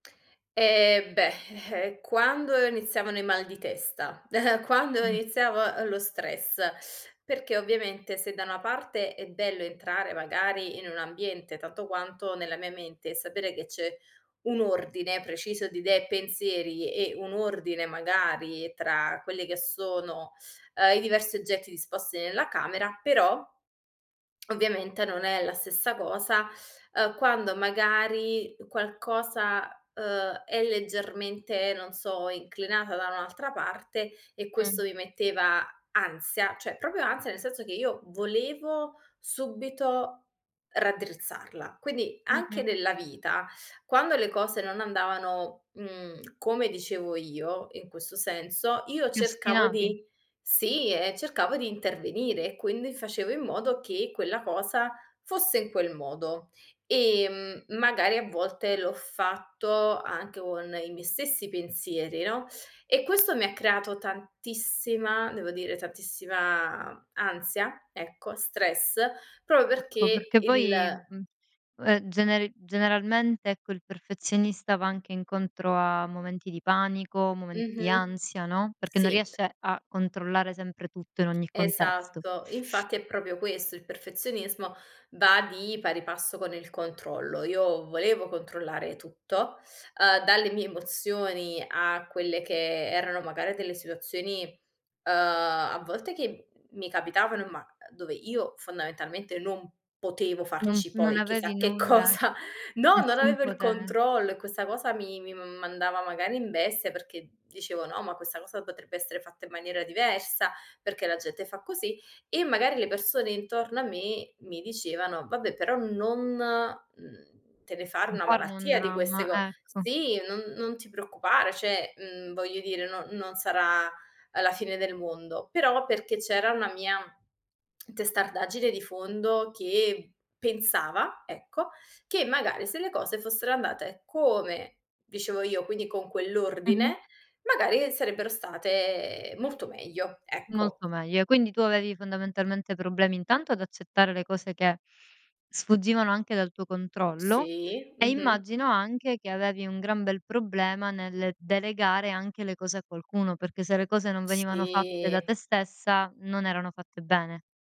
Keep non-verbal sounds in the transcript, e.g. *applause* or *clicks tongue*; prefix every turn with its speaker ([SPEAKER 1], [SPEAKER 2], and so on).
[SPEAKER 1] Eh, beh, *scoffs* quando iniziavano i mal di testa? *chuckles* Quando
[SPEAKER 2] Mh.
[SPEAKER 1] iniziava lo stress? Perché ovviamente se da una parte è bello entrare, magari, in un ambiente tanto quanto nella mia mente, e sapere che c'è un ordine preciso di idee e pensieri, e un ordine, magari, tra quelli che sono, uhm, i diversi oggetti disposti nella camera, però, *clicks tongue* ovviamente non è la stessa cosa, uhm, quando magari qualcosa, uhm, è leggermente, non so, inclinata da un'altra parte, e
[SPEAKER 2] Mh.
[SPEAKER 1] questo mi metteva ansia, cioè, proprio ansia nel senso che io volevo subito raddrizzarla. Quindi, anche
[SPEAKER 2] Mh-mh.
[SPEAKER 1] nella vita, quando le cose non andavano, mhmm, come dicevo io, in questo senso, io
[SPEAKER 2] Ti
[SPEAKER 1] cercavo
[SPEAKER 2] ostinavi?
[SPEAKER 1] di Sì, e cercavo di intervenire, e quindi facevo in modo che quella cosa fosse in quel modo. Ehm, m magari a volte l'ho fatto anche con i miei stessi pensieri, no, e questo mi ha creato tantissima devo dire, tantissima ansia, ecco, stress, proprio
[SPEAKER 2] Ecco,
[SPEAKER 1] perché
[SPEAKER 2] perché
[SPEAKER 1] il
[SPEAKER 2] poi, mhmm, ehm, generi generalmente, ecco, il perfezionista va anche incontro a momenti di panico, momenti di
[SPEAKER 1] Mh-mh.
[SPEAKER 2] ansia, no, perché non
[SPEAKER 1] Sì.
[SPEAKER 2] riesce a controllare sempre tutto, in ogni contesto.
[SPEAKER 1] Esatto. Infatti, è proprio questo, il perfezionismo va di pari passo con il controllo. Io volevo controllare tutto, uhm, dalle mie emozioni a quelle che erano, magari, delle situazioni, uhm, a volte che m mi capitavan ma, uhm, dove io fondamentalmente non potevo
[SPEAKER 2] No
[SPEAKER 1] farci
[SPEAKER 2] non
[SPEAKER 1] poi chissà
[SPEAKER 2] avevi
[SPEAKER 1] che
[SPEAKER 2] nulla,
[SPEAKER 1] cosa. No, non
[SPEAKER 2] nessun
[SPEAKER 1] avevo il
[SPEAKER 2] pote
[SPEAKER 1] controllo, e questa cosa mi mi m mandava magari in bestia perché dicevo: "No. Ma questa cosa potrebbe essere fatta in maniera diversa. Perché la gente fa così?" E magari le persone intorno a me mi dicevano: "Vabbè, però non, mhmm, te ne fare
[SPEAKER 2] Non
[SPEAKER 1] una
[SPEAKER 2] farne un
[SPEAKER 1] malattia di queste
[SPEAKER 2] dramma,
[SPEAKER 1] co
[SPEAKER 2] ecco.
[SPEAKER 1] Sì, non non ti preoccupare. Cioè, mhmm, voglio dire, non non sarà, ehm, la fine del mondo." Però, perché c'era una mia testardaggine *clicks tongue* di fondo che pensava, ecco, che magari se le cose fossero andate come dicevo io, quindi con
[SPEAKER 2] Mh-mh.
[SPEAKER 1] quell'ordine, magari sarebbero state molto meglio. Ecco.
[SPEAKER 2] Molto meglio. Quindi, tu avevi fondamentalmente problemi intanto ad accettare le cose che sfuggivano anche dal tuo controllo,
[SPEAKER 1] Sì.
[SPEAKER 2] e
[SPEAKER 1] Mh-mh.
[SPEAKER 2] immagino, anche che avevi un gran bel problema nel delegare anche le cose a qualcuno, perché se le cose non venivano fatte da te
[SPEAKER 1] Sì.
[SPEAKER 2] stessa non erano fatte bene.